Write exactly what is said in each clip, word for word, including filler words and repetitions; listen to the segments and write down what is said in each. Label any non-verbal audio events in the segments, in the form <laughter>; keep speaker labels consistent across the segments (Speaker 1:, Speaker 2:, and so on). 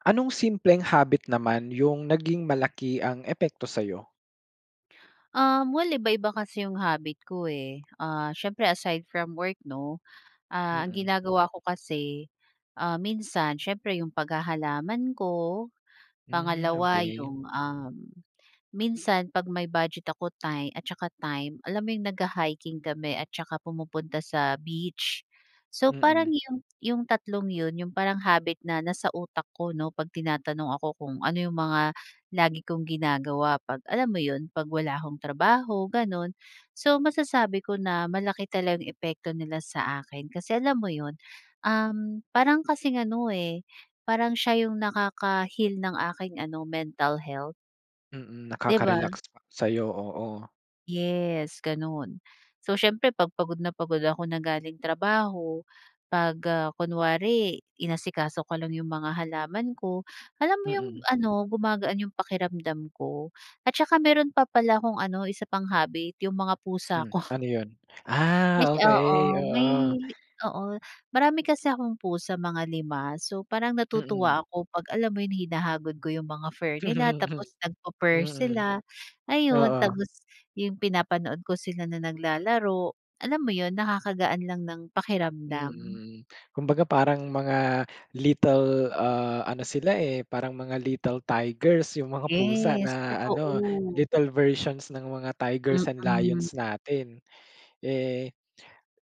Speaker 1: Anong simpleng habit naman yung naging malaki ang epekto sayo?
Speaker 2: Um, well iba-iba kasi yung habit ko eh. Ah, siyempre aside from work 'no, ah, ang
Speaker 1: Mm.
Speaker 2: ginagawa ko kasi, ah, minsan siyempre yung paghahalaman ko,
Speaker 1: Hmm
Speaker 2: pangalawa
Speaker 1: okey.
Speaker 2: yung um, minsan pag may budget ako ti time at saka time alam mo yung nag-ha-hiking kami at saka pumupunta sa beach. So parang
Speaker 1: Mm.
Speaker 2: yung yung tatlong yun yung parang habit na nasa utak ko 'no, pag tinatanong ako kung ano yung mga lagi kong ginagawa, pag alam mo yun, pag wala akong trabaho, ganun. So masasabi ko na malaki talaga yung epekto nila sa akin, kasi alam mo yun, um, parang kasing ano eh, parang siya yung nakaka-heal ng aking ano, mental health.
Speaker 1: Mm,
Speaker 2: Di ba?
Speaker 1: nakaka-relax siya sayo, oo.
Speaker 2: Yes, ganun. So siyempre pag pagod na pagod ako na galing trabaho, pag ah, kunwari inasikaso ko lang yung mga halaman ko. Alam mo yung
Speaker 1: Mm.
Speaker 2: ano, gumagaan yung pakiramdam ko at saka meron pa pala kong ano, isa pang habit, yung mga pusa
Speaker 1: Hmm,
Speaker 2: ko.
Speaker 1: ano yun?
Speaker 2: Yes
Speaker 1: Ah, okey,
Speaker 2: oo may
Speaker 1: oo.
Speaker 2: oo marami kasi akong pusa, mga lima. So parang
Speaker 1: Mm.
Speaker 2: natutuwa ako pag alam mo yun, hinahagod ko yung mga fur nila,
Speaker 1: <chuckles>
Speaker 2: tapos nag pu-purr
Speaker 1: Mm.
Speaker 2: sila, ayun.
Speaker 1: Oo.
Speaker 2: Tapos yung pinapanood ko sila na naglalaro. Alam mo yun? Nakakagaan lang ng pakiramdam.
Speaker 1: Mm. Kumbaga parang mga little ah, ano sila eh, parang mga little tigers yung mga pusa
Speaker 2: Yes,
Speaker 1: na ano,
Speaker 2: totoo.
Speaker 1: little versions ng mga tigers and
Speaker 2: Mm.
Speaker 1: lions natin. Eh,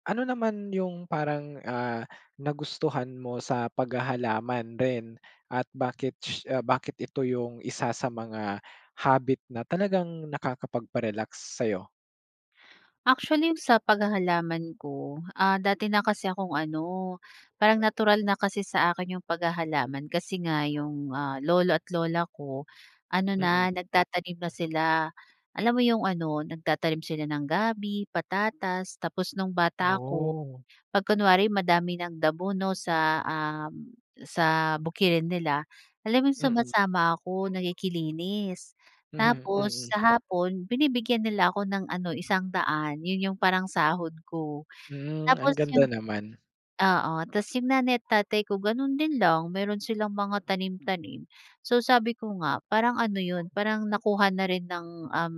Speaker 1: ano naman yung parang ah, nagustuhan mo sa paghahalaman rin at bakit sh bakit ito yung isa sa mga habit na talagang nakakapag-pa-relax sayo?
Speaker 2: Actually, 'yong sa paghahalaman ko, ah, dati na kasi akong ano, parang natural na kasi sa akin 'yong paghahalaman. Kasi nga, 'yong, ah, lolo at lola ko ano
Speaker 1: Mm.
Speaker 2: na nagtatanim na sila, alam mo 'yong ano, nagtatanim sila ng gabi, patatas. Tapos, no'ng bata ako,
Speaker 1: Oh.
Speaker 2: 'pag kunwari madami ng damo, 'no, sa, um, sa bukirin nila, alam mo 'yong
Speaker 1: Mm.
Speaker 2: sumasama ako, nakiki-linis
Speaker 1: Mhm,
Speaker 2: tapos
Speaker 1: mm.
Speaker 2: sa hapon, binibigyan nila ako ng ano, isang daan 'yon 'yong parang sahod ko.
Speaker 1: Hmm, ang
Speaker 2: Tapos
Speaker 1: ganda
Speaker 2: 'yong
Speaker 1: naman.
Speaker 2: oo, tas 'yong nanay at tatay ko gano'n din lang, meron silang mga tanim-tanim. So, sabi ko nga, parang ano 'yon, parang nakuha na rin ng um,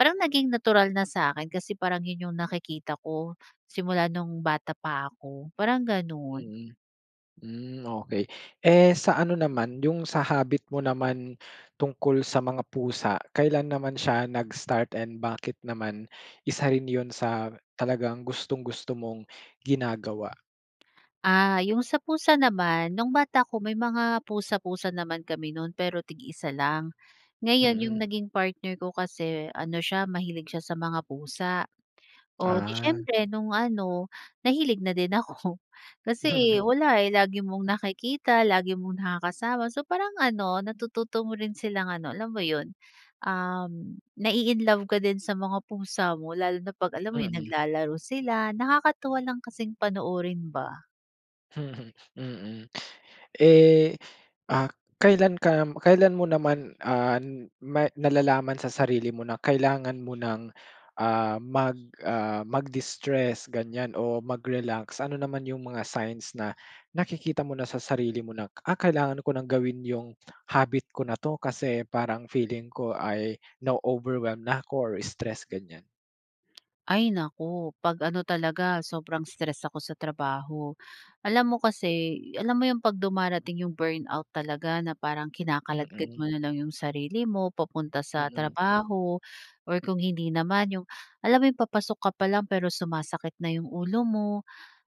Speaker 2: parang naging natural na sa'kin kasi parang 'yong nakikita ko simula no'ng bata pa ako, parang gano'n.
Speaker 1: Mm. Hmm, okey. Eh, sa ano naman 'yong sa habit mo naman, tungkol sa mga pusa. Kailan naman siya nag-start and bakit naman, isa rin 'yon sa talagang gustong-gusto mong ginagawa?
Speaker 2: Ah, 'yong sa pusa naman noong bata ko, may mga pusa-pusa naman kami noon, pero tig-isa lang, ngayon
Speaker 1: Mm.
Speaker 2: 'yong naging partner ko kasi ano siya, mahilig siya sa mga pusa. O di
Speaker 1: Ah.
Speaker 2: siyempre noong ano, nahilig na din ako, kasi wala eh, lagi mong nakikita, lagi mo nakakasama, so parang ano, natututo mo rin silang ano, alam mo 'yon, um, na-i-inlove ka din sa mga pusa mo, lalo na 'pag alam mo 'yong
Speaker 1: Mm.
Speaker 2: naglalaro sila, nakakatuwa lang kasing panoorin ba.
Speaker 1: <chuckles> Mm. Eh, ah, kailan ka kailan mo naman, ah, may nalalaman sa sarili mo na kailangan mo ng, ah, mag, ah, mag-distress ganyan o mag-relax? Ano naman yung mga signs na nakikita mo na sa sarili mo na, ah, kailangan ko ng gawin yung habit ko na 'to, kasi parang feeling ko ay na-o-overwhelm na ko or stressed ganyan?
Speaker 2: Ay naku, pag ano talaga, sobrang stress ako sa trabaho. Alam mo kasi, alam mo 'yong pag dumarating 'yong burnout talaga na parang kinakaladkad
Speaker 1: Mm.
Speaker 2: mo na lang 'yong sarili mo papunta sa
Speaker 1: Mm.
Speaker 2: trabaho. Or kung hindi naman 'yong, alam mo 'yong papasok ka pa lang pero sumasakit na 'yong ulo mo.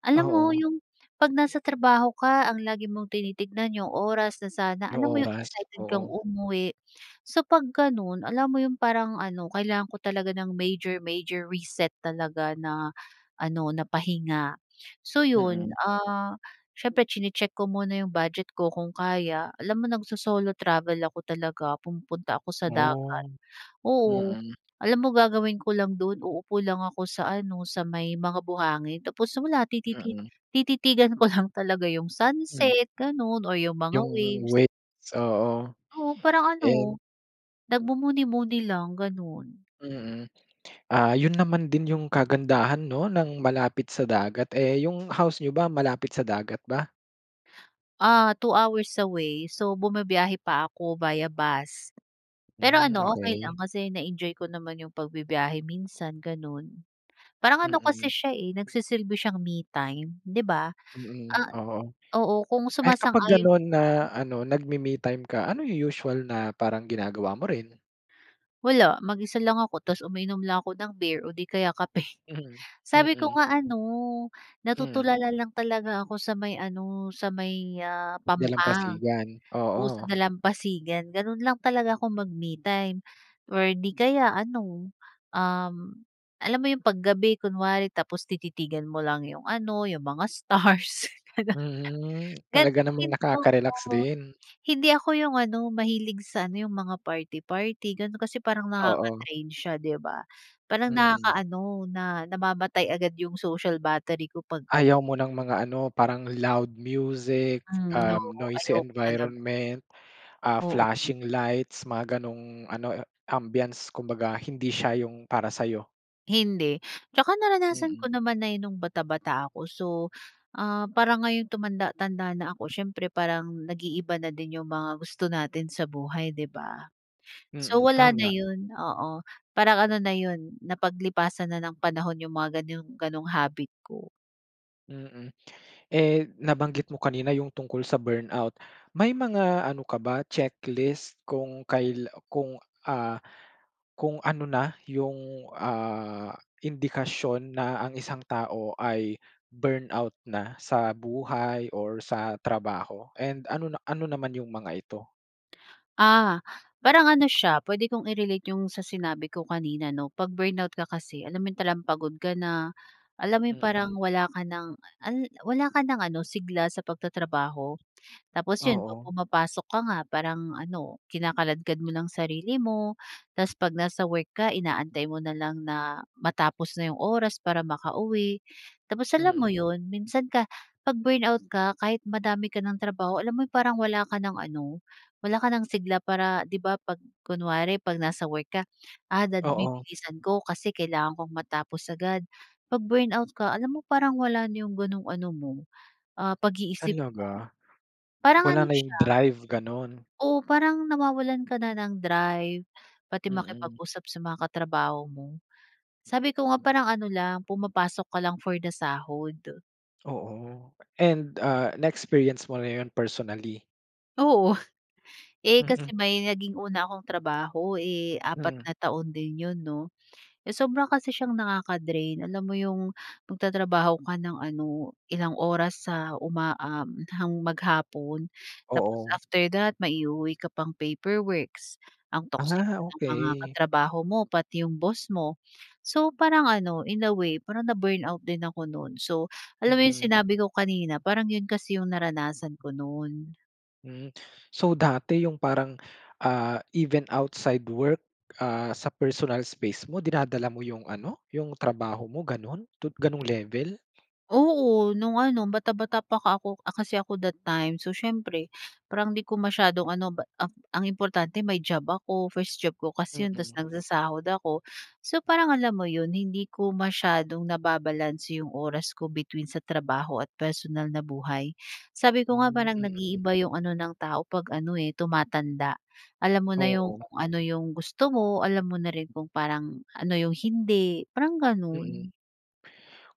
Speaker 2: Alam mo
Speaker 1: Oo.
Speaker 2: 'yong pag nasa trabaho ka, ang lagi mong tinitignan 'yong oras na sana,
Speaker 1: Yung
Speaker 2: alam mo 'yong
Speaker 1: oras?
Speaker 2: excited kang
Speaker 1: Oo.
Speaker 2: umuwi. So pag ganun, alam mo 'yong parang ano, kailangan ko talaga ng major, major reset talaga na ano, na pahinga. So yun,
Speaker 1: Mm.
Speaker 2: ah, siyempre chine-check ko muna iyong budget ko kung kaya. Alam mo nagsosolo travel ako talaga, pumupunta ako sa dagat.
Speaker 1: Oh.
Speaker 2: Oo,
Speaker 1: Mm.
Speaker 2: alam mo gagawin ko lang dun? Uupo lang ako sa ano, sa may mga buhangin, tapos wala, tititi
Speaker 1: Mm.
Speaker 2: tititigan ko lang talaga 'yong
Speaker 1: Hmm.
Speaker 2: sunset ganun or 'yong mga
Speaker 1: Yung
Speaker 2: waves.
Speaker 1: waves? Oo.
Speaker 2: Oo, parang
Speaker 1: And
Speaker 2: ano, nagmumuni-muni lang, ganun.
Speaker 1: Mm, ah, yun naman din yung kagandahan 'no ng malapit sa dagat. Eh 'yong house niyo ba malapit sa dagat ba?
Speaker 2: Ah, two hours away, so bumibiyahe pa ako via bus. Pero
Speaker 1: Hmm,
Speaker 2: ano okey lang
Speaker 1: okey.
Speaker 2: kasi na-enjoy ko naman iyong pagbibiyahe minsan, ganoon. Parang ano
Speaker 1: Mm.
Speaker 2: kasi siya, eh, nagsisilbi siyang me time 'di ba?
Speaker 1: Mm,
Speaker 2: Ah
Speaker 1: oo,
Speaker 2: oo kung
Speaker 1: ay kapag
Speaker 2: sumasang-ayon
Speaker 1: ganon na ano nagmi me-time ka, ano yung usual na parang ginagawa mo rin?
Speaker 2: Wala, mag-isa lang ako tapos umiinom lang ako ng beer o 'di kaya kape. <chuckles>
Speaker 1: <chuckles>
Speaker 2: Sabi ko
Speaker 1: Mm.
Speaker 2: nga ano
Speaker 1: Mm.
Speaker 2: natutulala lang talaga ako sa may ano, sa may, ah, pampang
Speaker 1: Dalampasigan?
Speaker 2: oo sa
Speaker 1: Oo.
Speaker 2: may dalampasigan. Ganoon lang talaga ako mag-me time or 'di kaya ano, um, alam mo iyong pag gabi kunwari tapos tititigan mo lang iyong ano iyong mga stars, gano'n.
Speaker 1: Mm,
Speaker 2: Ganun
Speaker 1: talaga namang nakaka-relax
Speaker 2: <unintelligible>
Speaker 1: din.
Speaker 2: hindi ako yung ano mahilig sa ano yung mga party-party ganun kasi parang
Speaker 1: Oo.
Speaker 2: nakaka-drain siya di ba. Parang
Speaker 1: Mm.
Speaker 2: nakakaano na namamatay agad yung social battery ko pag ganun.
Speaker 1: Ayaw mo ng mga ano parang loud music,
Speaker 2: Hmm, no,
Speaker 1: um, noisy
Speaker 2: ayoko talaga.
Speaker 1: environment, ah,
Speaker 2: Oo. <unintelligible>
Speaker 1: flashing lights mga ganong ano ambience, kumbaga hindi siya yung para sa iyo?
Speaker 2: Hindi. Tsaka naranasan
Speaker 1: Mm.
Speaker 2: ko naman na 'yon no'ng bata-bata ako. So, ah, parang ngayon tumanda-tanda na ako siyempre parang nag-iiba na din 'yong mga gusto natin sa buhay, 'di ba? So,
Speaker 1: Mm,
Speaker 2: wala na
Speaker 1: tama.
Speaker 2: 'yon, oo, parang ano na 'yon, napaglipasan na ng panahon 'yong mga gano'n gano'ng habit ko.
Speaker 1: Mm. Eh, nabanggit mo kanina 'yong tungkol sa burnout. May mga ano ka ba checklist kung kail kung ah, kung ano na 'yong, ah, indikasyon na ang isang tao ay burnout na sa buhay or sa trabaho, and ano na ano naman 'yong mga ito?
Speaker 2: Ah. Parang ano siya, puwede kong i-relate 'yong sa sinabi ko kanina, 'no, 'pag burnout ka kasi, alam mo 'yong talagang pagod ka na, alam mo 'yong
Speaker 1: Mm.
Speaker 2: parang wala ka ng, al wala ka ng ano, sigla sa pagtatrabaho. Tapos, 'yon 'pag
Speaker 1: Oo.
Speaker 2: pumapasok ka nga parang ano, kinakaladkad mo lang sarili mo, tas 'pag nasa work ka inaantay mo na lang na matapos na 'yong oras para makauwi. Tapos, alam mo
Speaker 1: Mm.
Speaker 2: 'yon, minsan ka 'pag burnout ka kahit madami ka ng trabaho, alam mo 'yong parang wala ka ng ano, wala ka nang sigla para, 'di ba, 'pag kunwari 'pag nasa work ka, ah, dad
Speaker 1: Oo.
Speaker 2: bibilisan ko kasi kailangan kong matapos agad. 'Pag burnout ka alam mo parang wala na 'yong gano'ng ano mo, ah, pag-iisip mo.
Speaker 1: Talaga?
Speaker 2: Parang
Speaker 1: Wala
Speaker 2: ano
Speaker 1: na 'yong
Speaker 2: siya
Speaker 1: drive, gano'n?
Speaker 2: Oo, parang nawawalan ka na ng drive, pati
Speaker 1: Mm.
Speaker 2: makipag-usap sa mga katrabaho mo. Sabi ko nga, parang ano lang, pumapasok ka lang for the sahod.
Speaker 1: Oo, and, ah, na experience mo na yun personally?
Speaker 2: Oo. <chuckles> Eh,
Speaker 1: Mhm.
Speaker 2: kasi may naging una akong trabaho, eh, apat
Speaker 1: Hmm.
Speaker 2: na taon din 'yon, 'no? Sobra kasi siyang nakaka-drain. Alam mo 'yong magtatrabaho ka ng ano ilang oras sa uma uhm, hang maghapon. Tapos
Speaker 1: Oo.
Speaker 2: after that may i-uuwi ka pang paperworks, ang toxic
Speaker 1: Ah,
Speaker 2: ng mga
Speaker 1: okey.
Speaker 2: katrabaho mo pati 'yong boss mo. So, parang ano in a way parang na-burnout din ako no'n. So, alam mo 'yong
Speaker 1: Mm.
Speaker 2: sinabi ko kanina parang 'yon kasi 'yong naranasan ko no'n.
Speaker 1: Hmm. So, dati yung parang, ah, even outside work, ah, sa personal space mo dinadala mo yung ano, yung trabaho mo ganun to ganong level?
Speaker 2: Oo, no'ng ano bata-bata pa ka ako, ah, kasi ako that time. So, siyempre parang 'di ko masyadong ano b ang ang importante may job ako, first job ko kasi 'yon tapos
Speaker 1: Mm.
Speaker 2: nagsasahod ako. So, parang alam mo 'yon hindi ko masyadong nababalanse 'yong oras ko between sa trabaho at personal na buhay. Sabi ko nga
Speaker 1: Hmm,
Speaker 2: parang
Speaker 1: mm.
Speaker 2: nag-iiba 'yong ano ng tao 'pag ano, eh, tumatanda. Alam mo na
Speaker 1: Oo.
Speaker 2: 'yong kung ano 'yong gusto mo, alam mo na rin kung parang ano 'yong hindi, parang
Speaker 1: Mm,
Speaker 2: gano'n.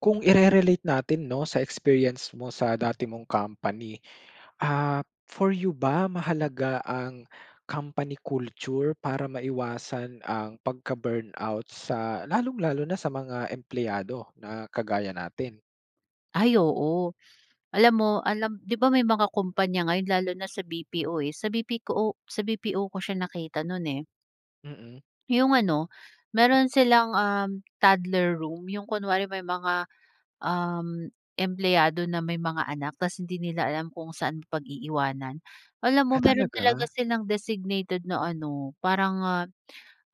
Speaker 1: kung ire-relate natin, 'no, sa experience mo sa dati mong company. Ah, for you ba mahalaga ang company culture, para maiwasan ang pagka-burnout sa lalong lalo na sa mga empleyado na kagaya natin?
Speaker 2: Ay oo, alam mo alam 'di ba may mga kompanya ngayon lalo na sa B-P-O eh, sa BP ko o sa B-P-O ko siya nakita noon eh.
Speaker 1: Mm.
Speaker 2: 'Yong ano, meron silang um, toddler room, 'yong kunwari may mga um, empleyado na may mga anak tas hindi nila alam kung saan pag-iiwanan. Alam mo
Speaker 1: Ah
Speaker 2: meron
Speaker 1: talaga?
Speaker 2: talaga silang designated na ano, parang, ah,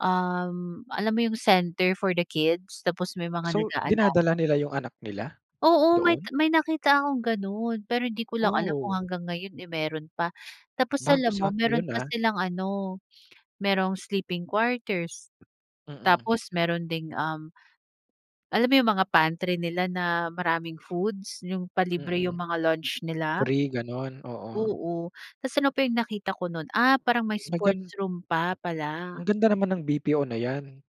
Speaker 2: um, alam mo 'yong center for the kids? Tapos may mga
Speaker 1: So,
Speaker 2: nag-aalaga.
Speaker 1: dinadala nila yung anak nila?
Speaker 2: Oo may
Speaker 1: Doon?
Speaker 2: may nakita akong ganun, pero hindi ko lang alam kung
Speaker 1: Oh.
Speaker 2: hanggang ngayon eh meron pa. Tapos
Speaker 1: Bago
Speaker 2: alam mo
Speaker 1: sa akin
Speaker 2: meron
Speaker 1: yun
Speaker 2: pa
Speaker 1: ah.
Speaker 2: silang ano, merong sleeping quarters,
Speaker 1: Mm.
Speaker 2: tapos meron ding um, alam mo yung mga pantry nila na maraming foods? Yung palibre
Speaker 1: Mm,
Speaker 2: yung mga lunch nila?
Speaker 1: free ganun? Oo.
Speaker 2: Oo, tas ano pa yung nakita ko nun, ah, parang may
Speaker 1: Magan
Speaker 2: sports room pa
Speaker 1: Ang
Speaker 2: pala.
Speaker 1: ganda naman ng B-P-O na 'yan.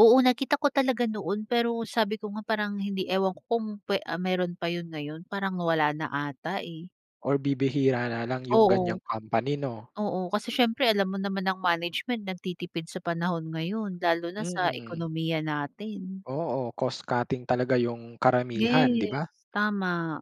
Speaker 2: Oo nakita ko talaga noon pero sabi ko nga parang hindi, ewan ko kung pe ah, meron pa yun ngayon parang wala na ata eh.
Speaker 1: Or bibihira na lang, yung ganyang
Speaker 2: Oo.
Speaker 1: company, 'no?
Speaker 2: Oo, kasi siyempre alam mo naman ang management nagtitipid sa panahon ngayon, lalo na sa
Speaker 1: Mm.
Speaker 2: ekonomiya natin.
Speaker 1: Oo, cost cutting talaga yung karamihan, 'di
Speaker 2: Yes,
Speaker 1: ba?
Speaker 2: tama.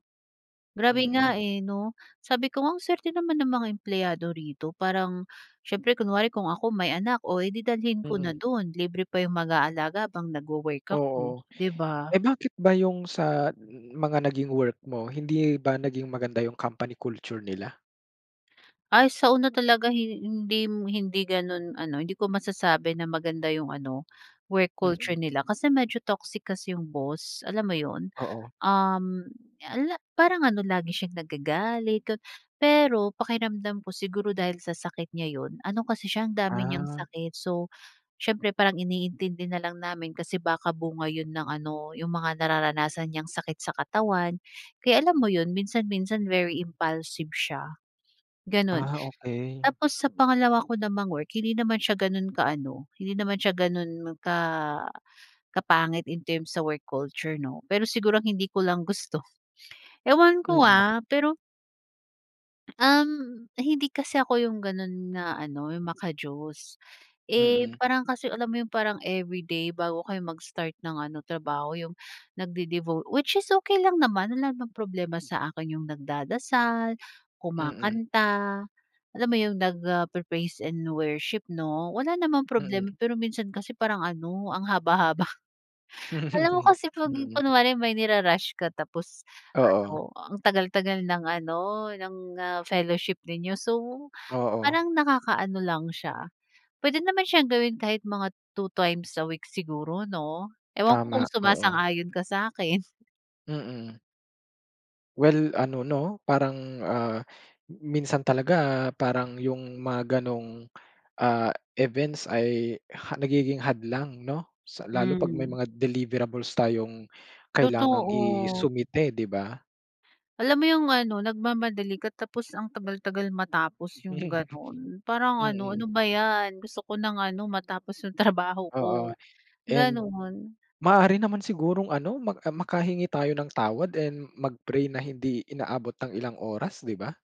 Speaker 2: Grabe
Speaker 1: Mm.
Speaker 2: nga, eh, 'no? Sabi ko nga, "Ang swerte naman ng mga empleyado rito." Parang siyempre, kunwari kung ako may anak, oh, edi, dalhin ko
Speaker 1: Mm.
Speaker 2: na do'n. Libre pa 'yong mag-aalaga habang nagwo-work ako,
Speaker 1: Oo.
Speaker 2: 'di ba?
Speaker 1: Eh, bakit ba yung sa mga naging work mo, hindi ba naging maganda yung company culture nila?
Speaker 2: Ay, sa una talaga hi hindim hindi ganun ano, hindi ko masasabi na maganda yung ano, work culture
Speaker 1: Mm.
Speaker 2: nila. Kasi medyo toxic kasi yung boss, alam mo yun?
Speaker 1: Oo.
Speaker 2: Uhm, ala parang ano lagi siyang nagagalit ga pero pakiramdam ko, siguro dahil sa sakit niya yun. Ano kasi siya, ang dami niyang
Speaker 1: Ah.
Speaker 2: sakit. So, siyempre parang iniintindi na lang namin, kasi baka bunga yun ng ano yung mga nararanasan niyang sakit sa katawan. Kaya alam mo yun, minsan-minsan very impulsive siya, gano'n.
Speaker 1: Ah, okey.
Speaker 2: Tapos sa pangalawa ko namang work, hindi naman siya ganun ka ano, hindi naman siya ganun ka kapangit in terms sa work culture, 'no? Pero siguro ang hindi ko lang gusto <chuckles> ewan ko,
Speaker 1: Mm.
Speaker 2: ah, pero Um, hindi kasi ako yung ganun na ano, yung maka-Diyos. Eh,
Speaker 1: Mm.
Speaker 2: parang kasi alam mo yung parang everyday bago kayo mag-start ng ano, trabaho yung nagde-devo which is okey lang naman, wala naman problema sa akin yung nagdadasal,
Speaker 1: Mm.
Speaker 2: kumakanta, alam mo 'yong, nagpe-praise and worship 'no, wala namang
Speaker 1: Mm.
Speaker 2: problema pero minsan kasi parang ano, ang haba-haba. <chuckles> Alam mo
Speaker 1: <chuckles>
Speaker 2: kasi kung
Speaker 1: Mm.
Speaker 2: kunwari may niru-rush ka tapos,
Speaker 1: Oo.
Speaker 2: ano, ang tagal-tagal ng ano, ng ah, fellowship ninyo, so
Speaker 1: Oo.
Speaker 2: parang nakaka-ano lang siya, pwede naman siyang gawin kahit mga two times a week siguro 'no? Ewan ko
Speaker 1: Tama,
Speaker 2: kung
Speaker 1: oo.
Speaker 2: sumasang-ayon ka sa'kin?
Speaker 1: Mm. Well ano 'no, parang, ah, minsan talaga parang yung mga gano'ng, ah, events ay ha nagiging hadlang 'no, sa lalo pag may
Speaker 2: Hmm.
Speaker 1: mga deliverables tayong kailangang
Speaker 2: Totoo.
Speaker 1: isumite, 'di ba?
Speaker 2: Alam mo yung ano, nagmamadali ka tapos ang tagal-tagal matapos yung ganun,
Speaker 1: <chuckles>
Speaker 2: parang ano,
Speaker 1: Mm.
Speaker 2: ano ba yan, gusto ko ng ano matapos yung trabaho
Speaker 1: Oo,
Speaker 2: ko,
Speaker 1: and
Speaker 2: ganun.
Speaker 1: maaari naman sigurong ano, mak ah, makahingi tayo ng tawad and mag-pray na hindi inaabot ng ilang oras, 'di ba?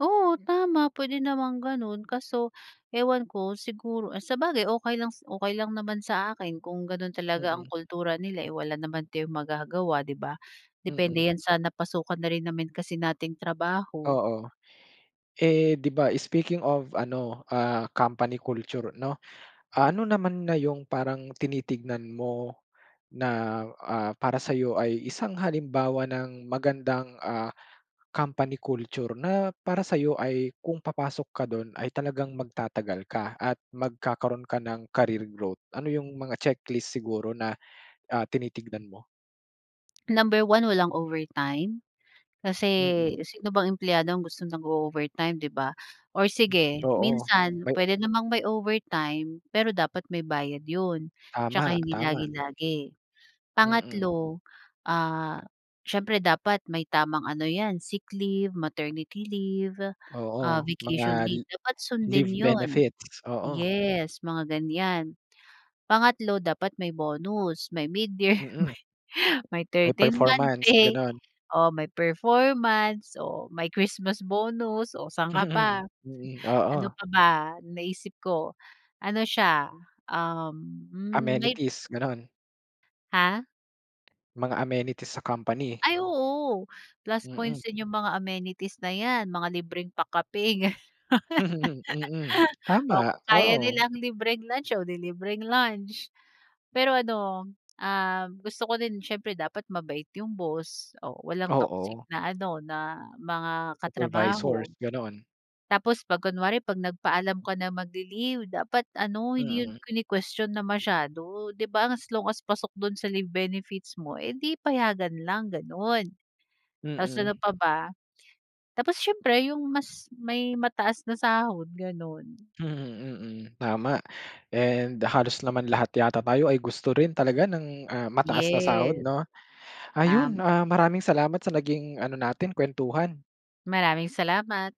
Speaker 2: Oo, tama, pwede namang ganun kaso ewan ko, siguro, eh, sabagay okey lang s okey lang naman sa akin kung ganun talaga ang
Speaker 1: Mm.
Speaker 2: kultura nila, eh, wala naman tayong magagawa, 'di ba?
Speaker 1: Mm.
Speaker 2: Depende' yan sa napasukan na rin naman kasi nating trabaho.
Speaker 1: Oo. Eh, di ba speaking of ano, ah, company culture 'no, ah, ano naman na yung parang tinitignan mo na, ah, para sa'yo ay isang halimbawa ng magandang, ah, company culture na para sa'yo ay kung papasok ka dun ay talagang magtatagal ka at magkakaro'n ka ng career growth? Ano yung mga checklist siguro na, ah, tinitignan mo?
Speaker 2: Number one, walang overtime kasi
Speaker 1: Mm.
Speaker 2: sino bang empleyado ang gusto nag-o-overtime, 'di ba? Or
Speaker 1: Mm.
Speaker 2: sige,
Speaker 1: Oo,
Speaker 2: minsan
Speaker 1: may
Speaker 2: puwede namang may overtime, pero dapat may bayad 'yon 'tsaka
Speaker 1: Tama,
Speaker 2: hindi
Speaker 1: tama.
Speaker 2: lagi-lagi.
Speaker 1: Mm.
Speaker 2: Pangatlo, ah, siyempre dapat may tamang ano 'yan, sick leave, maternity leave, ah,
Speaker 1: Oo,
Speaker 2: vacation
Speaker 1: mga li
Speaker 2: leave, dapat sundin
Speaker 1: leave
Speaker 2: 'yon.
Speaker 1: benefits, oo.
Speaker 2: Yes, mga ganyan. Pangatlo, dapat may bonus, may mid-year,
Speaker 1: Mm.
Speaker 2: may may
Speaker 1: May
Speaker 2: thirteen month
Speaker 1: performance,
Speaker 2: pay
Speaker 1: gano'n.
Speaker 2: o may performance o may Christmas bonus o saan ka
Speaker 1: Mm.
Speaker 2: pa?
Speaker 1: Mm,
Speaker 2: Ano
Speaker 1: oo.
Speaker 2: pa ba ang naisip ko? Ano siya, um, hmm may
Speaker 1: Amenities, gano'n.
Speaker 2: Ha?
Speaker 1: Mga amenities sa company.
Speaker 2: Ay oo. Plus
Speaker 1: Mm.
Speaker 2: points din yung mga amenities na 'yan, mga libreng pa-kape ganun.
Speaker 1: <laughs> Mm,
Speaker 2: <laughs> O
Speaker 1: tama,
Speaker 2: kung kaya
Speaker 1: oo.
Speaker 2: nilang libreng lunch, o 'di libreng lunch. Pero ano, ah, gusto ko din siyempre dapat mabait yung boss o walang toxic
Speaker 1: Oo.
Speaker 2: na ano, na mga katrabaho.
Speaker 1: Supervisors, gano'n.
Speaker 2: Tapos 'pag kunwari 'pag nagpaalam ka na mag-li-leave dapat ano, hindi 'yon
Speaker 1: Mm.
Speaker 2: kinukwestyon na masyado, 'di ba? As long as pasok do'n sa leave benefits mo, eh, 'di payagan lang, gano'n. Tapos
Speaker 1: Mm.
Speaker 2: ano pa ba? Tapos siyempre yung mas may mataas na sahod, gano'n.
Speaker 1: Mm, mm, tama. And halos naman lahat yata tayo ay gusto rin talaga ng, ah, mataas na sahod
Speaker 2: Yes,
Speaker 1: 'no? Ayun,
Speaker 2: tam
Speaker 1: ah, maraming salamat sa naging ano natin, kwentuhan.
Speaker 2: Maraming salamat.